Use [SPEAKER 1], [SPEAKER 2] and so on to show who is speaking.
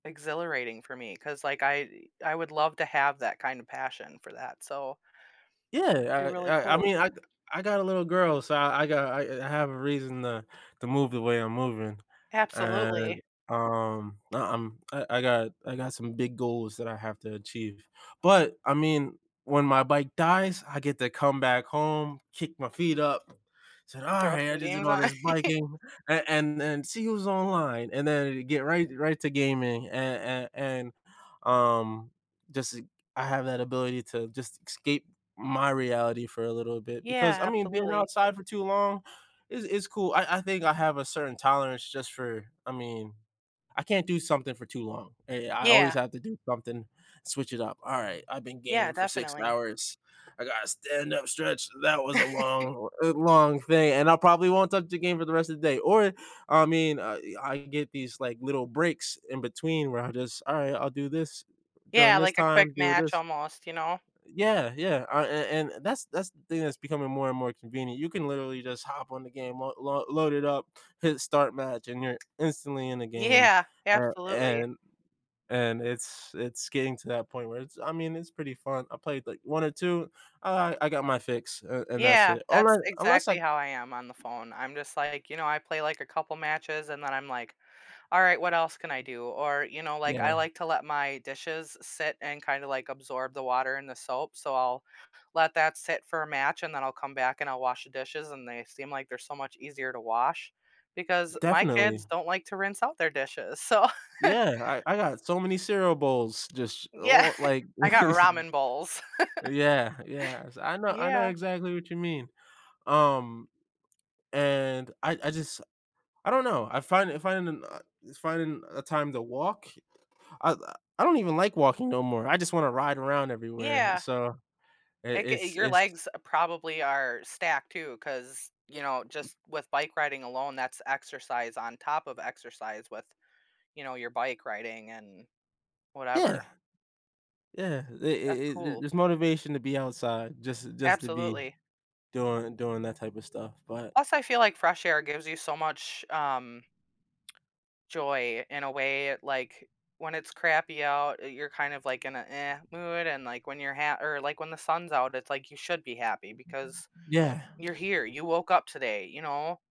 [SPEAKER 1] Exhilarating for me 'cause like I I would love to have that kinda passion for that so You're
[SPEAKER 2] Yeah, I
[SPEAKER 1] really
[SPEAKER 2] I I
[SPEAKER 1] cool.
[SPEAKER 2] mean, I I got a little girl, so I I got I I have a reason, uh, to move the way I'm moving
[SPEAKER 1] Absolutely.
[SPEAKER 2] and, um, I I'm, I I got I got some big goals that I have to achieve. But I mean, when my bike dies, I get to come back home, kick my feet up, said,
[SPEAKER 1] Throw
[SPEAKER 2] "Alright, I
[SPEAKER 1] some
[SPEAKER 2] just did
[SPEAKER 1] games
[SPEAKER 2] all
[SPEAKER 1] on.
[SPEAKER 2] this biking." And and then see who's online and then get right right to gaming a a and, um, just I have that ability to just escape my reality for a little bit because,
[SPEAKER 1] Yeah,
[SPEAKER 2] I mean, being
[SPEAKER 1] absolutely.
[SPEAKER 2] outside for too long is is cool. I I think I have a certain tolerance just for I mean I can't do something for too long, eh, I always
[SPEAKER 1] Yeah.
[SPEAKER 2] have to do something, switch it up. "Alright, I've been
[SPEAKER 1] Yeah,
[SPEAKER 2] gaming for 6,
[SPEAKER 1] definitely.
[SPEAKER 2] hours, I gotta stand up stretch. That was a long a long thing." and I probably won't touch the game for the rest of the day, or, I mean, uh, I can get these, like, little breaks in between where I just, "Alright, I'll do this during
[SPEAKER 1] Yeah,
[SPEAKER 2] this
[SPEAKER 1] like a quick
[SPEAKER 2] time, do
[SPEAKER 1] match
[SPEAKER 2] this"
[SPEAKER 1] almost, you know?
[SPEAKER 2] yeah, yeah, uh, and and that's that's the thing that's becoming more and more convenient. You can literally just hop on the game, l load it up, hit start match, and you're instantly in the game,
[SPEAKER 1] Yeah,
[SPEAKER 2] a
[SPEAKER 1] absolutely.
[SPEAKER 2] and and it's it's getting to that point where it's I mean, it's pretty fun, I played, like, 1 or 2, alright, I got my fix, uh, and that's
[SPEAKER 1] Yeah,
[SPEAKER 2] it,
[SPEAKER 1] that's
[SPEAKER 2] unless unless I
[SPEAKER 1] exactly how I am on the phone, I'm just like, you know, I play, like, a couple matches and then I'm like, "All right, what else can I do?" Or you know, like, I
[SPEAKER 2] Yeah.
[SPEAKER 1] like to let my dishes sit and kinda, like, absorb the water and the soap, so I'll let that sit for a match and then I'll come back and I'll wash the dishes and they seem like they're so much easier to wash because my
[SPEAKER 2] Definitely.
[SPEAKER 1] kids don't like to rinse out their dishes, so
[SPEAKER 2] Yeah, I I got so many cereal bowls just
[SPEAKER 1] Yeah,
[SPEAKER 2] on, like
[SPEAKER 1] I got ramen bowls.
[SPEAKER 2] yeah, yes, I know I know
[SPEAKER 1] Yeah.
[SPEAKER 2] exactly what you mean, um, and I I just I don't know, I find I find m uh, it's finding a time to walk I, uh, I don't even like walking no more, I just wanna ride around everywhere,
[SPEAKER 1] Yeah.
[SPEAKER 2] so i
[SPEAKER 1] Like, eh,
[SPEAKER 2] it's
[SPEAKER 1] your
[SPEAKER 2] it's
[SPEAKER 1] legs probably are stacked too 'cause you know just with bike riding alone that's exercise on top of exercise with, you know, your bike riding and
[SPEAKER 2] Yeah.
[SPEAKER 1] whatever.
[SPEAKER 2] Yeah, it
[SPEAKER 1] That's
[SPEAKER 2] it it
[SPEAKER 1] cool.
[SPEAKER 2] there's motivation to be outside just just to be
[SPEAKER 1] Absolutely.
[SPEAKER 2] doing doing that type of stuff, but
[SPEAKER 1] Plus, I feel like fresh air gives you so much, um joy in a way, like, when it's crappy out, uh, you're kind of like in an "eh" mood, and, like, when you're ha or like when the sun's out, it's, like, you should be happy because
[SPEAKER 2] Yeah.
[SPEAKER 1] you're here, you woke up today, you know?